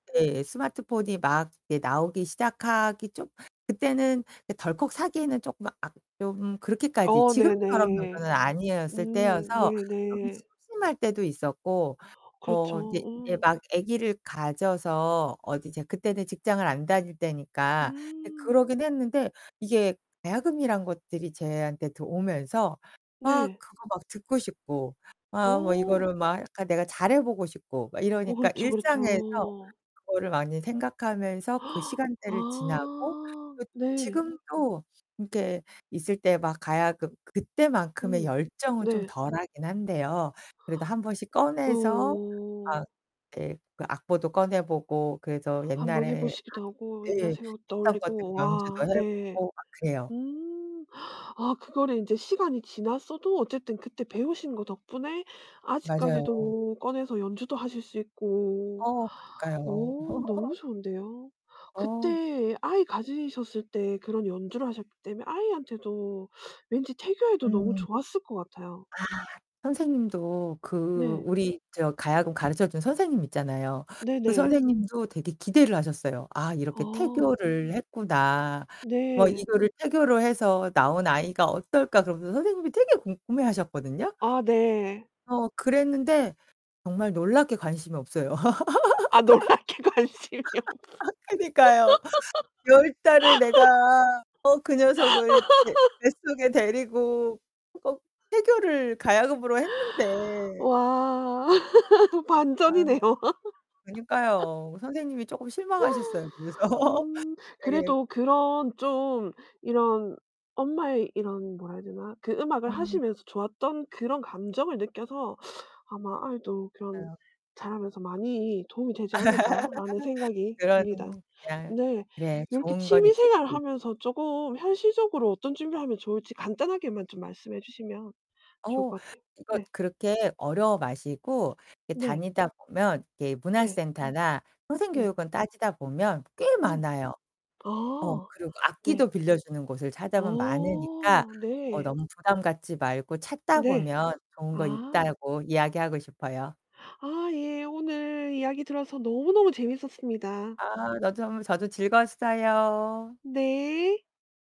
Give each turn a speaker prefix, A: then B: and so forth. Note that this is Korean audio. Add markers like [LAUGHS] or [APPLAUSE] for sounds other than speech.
A: 네. 스마트폰이 막 이제 나오기 시작하기 좀 그때는 이 덜컥 사기에는 쪼끔 아 좀 그렇게까지
B: 어
A: 지금처럼
B: 네네.
A: 정도는 아니었을
B: 음
A: 때여서 좀
B: 네네.
A: 심심할 때도 있었고.
B: 그렇죠.
A: 어 이제 이제
B: 음.
A: 막 아기를 가져서 어디 이제 그때는 직장을 안 다닐 때니까 네
B: 음.
A: 그러긴 했는데 이게 가야금이란 것들이 저한테 들 오면서 막
B: 네.
A: 그거 막 듣고 싶고 아 뭐
B: 어.
A: 이거를 막 약간 내가 잘해 보고 싶고 막
B: 어
A: 이러니까
B: 그렇죠
A: 일상에서
B: 그렇죠.
A: 그거를 많이
B: [GASPS]
A: 생각하면서 그 시간대를 지나고
B: 아.
A: 그
B: 네.
A: 지금도 이렇게 있을 때 막 가야금 그때만큼의
B: 음.
A: 열정은 좀
B: 네.
A: 덜하긴 한데요. 그래도 한번씩 꺼내서
B: 어.
A: 막 예 그 악보도 꺼내 보고 그래도
B: 한 번 해
A: 옛날에
B: 보시기도 하고,
A: 예
B: 옛날 생각도
A: 했던 것들을
B: 떠올리고.
A: 연주도
B: 와. 네.
A: 해보고 막 그래요.
B: 음. [GASPS] 아 그거를 이제 시간이 지났어도 어쨌든 그때 배우신 것 덕분에
A: 맞아요.
B: 아직까지도 꺼내서 연주도 하실 수 있고.
A: 어,
B: [GASPS]
A: 그러니까요.
B: 어 너무
A: [LAUGHS]
B: 좋은데요.
A: 어.
B: 그때 아이 가지셨을 때 그런 연주를 하셨기 때문에 아이한테도 왠지 태교에도 너무
A: 음.
B: 좋았을 것 같아요.
A: 아. 선생님도 그
B: 네.
A: 우리 저 가야금 가르쳐 준 선생님 있잖아요. 그
B: 네네.
A: 선생님도 되게 기대를 하셨어요. '아 이렇게
B: 어.
A: 태교를 했구나. 뭐
B: 네.
A: 이거를 태교를 해서 나온 아이가 어떨까.' 그러면서 선생님이 되게 궁금해 하셨거든요?
B: 아 네.
A: 어, 그랬는데 정말 놀랍게 관심이 없어요.
B: 아
A: [LAUGHS]
B: 놀랍게 관심이 없어.
A: 그니까요. 10 달을 내가 어 그 녀석을 배
B: [LAUGHS]
A: 뱃속에 데리고 어 태교를 가야금으로 했는데.
B: 와. [LAUGHS]
A: 아.
B: 반전이네요.
A: 그니까요. 선생님이 쪼금 실망하셨어요, 그래서.
B: [LAUGHS] 음.
A: [LAUGHS] 네.
B: 그래도 그런 좀 이런 엄마의 이런 뭐라 해야 되나 그 음악을
A: 음.
B: 하시면서 좋았던 그런 감정을 느껴서 아마 '아이도 그런
A: [UNINTELLIGIBLE]
B: 자라면서 많이 도움이 되지 않을까.'라는 생각이
A: 그런
B: 듭니다.
A: 그냥
B: 네.
A: 네
B: 이렇게
A: 좋은 건
B: 취미 생활을
A: 있겠지.
B: 하면서 쪼금 현실적으로 어떤 준비를 하면 좋을지 간단하게만 좀 말씀해 주시면 좋을
A: 어,
B: 것 같아요.
A: 이거
B: 네.
A: 그렇게 어려워 마시고 이렇게
B: 네.
A: 다니다 보면 이렇게
B: 네.
A: 문화센터나
B: 네.
A: 평생교육원 따지다 보면 꽤
B: 음.
A: 많아요. 어.
B: 아
A: 그리고
B: 네.
A: 악기도 빌려주는 곳을 찾아보면 많으니까
B: 어.
A: 어
B: 네.
A: 너무 부담 갖지 말고 찾다
B: 네.
A: 보면 좋은 거
B: 아.
A: 있다고 이야기하고 싶어요.
B: 아 예. 오늘 이야기 들어서 너무너무 재미있었습니다.
A: 아. 너도 정말 저도 즐거웠어요.
B: 네.